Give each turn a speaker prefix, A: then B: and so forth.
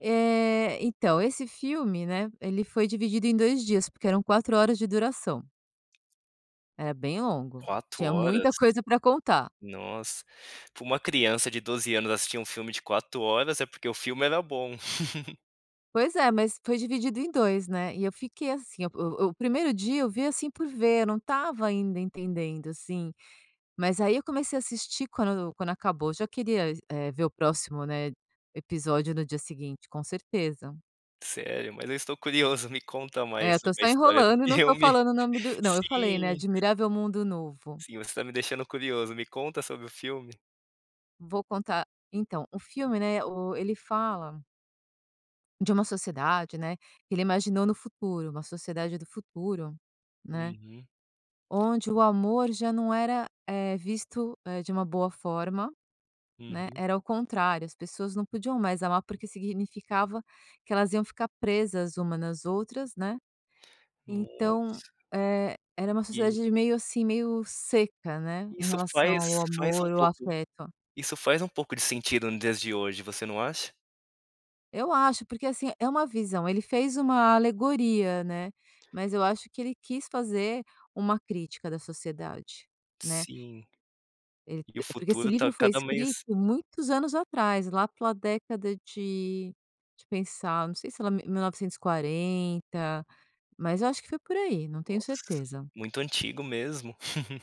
A: Eh, então, esse filme, né, ele foi dividido em 2 dias, porque eram 4 horas de duração. É bem longo.
B: 4
A: Tinha
B: horas?
A: muita coisa para contar.
B: Nossa! Pra uma criança de 12 anos assistir 1 filme de 4 horas, é porque o filme era bom.
A: Pois é, mas foi dividido em 2, né, e eu fiquei assim o o 1º dia, eu vi, assim, por ver, eu não estava ainda entendendo, assim, mas, aí, eu comecei a assistir, quando quando acabou já queria é ver o próximo, né, episódio no dia seguinte com certeza.
B: Sério? Mas eu estou curioso, me conta
A: É
B: mais
A: eu tô
B: sobre a
A: só
B: história do
A: enrolando e não tô
B: filme
A: falando o nome do não eu falei né?
B: Sim.
A: "Admirável Mundo Novo".
B: Sim você tá me deixando curioso, me conta sobre o filme.
A: Vou contar, então, o filme, né, o ele fala de uma sociedade, né que ele imaginou no futuro, uma sociedade do futuro, né.
B: Uhum.
A: Onde o amor, já não era, eh, visto, eh, de uma boa forma, né.
B: Uhum.
A: Era ao contrário, as pessoas não podiam mais amar, porque significava que elas iam ficar presas uma nas outras, né. Então,
B: Nossa!
A: eh, era uma
B: E
A: sociedade de meio, assim, meio seca, né, em
B: Isso
A: relação
B: faz
A: ao
B: faz um
A: amor, o
B: pouco
A: afeto.
B: isso faz um pouco de sentido no dias de hoje, você não acha?
A: Eu acho, porque, assim, é uma visão, ele fez uma alegoria né, mas eu acho que ele quis fazer uma crítica da sociedade, né.
B: Sim.
A: Ele
B: E o
A: porque esse
B: futuro, tá
A: livro foi
B: cada
A: escrito
B: mais
A: muitos anos atrás, lá pela década de de pensar, não sei se era mi mil novecentos e quarenta, mas eu acho que foi, por aí, não tenho
B: Nossa!
A: certeza.
B: Muito antigo mesmo.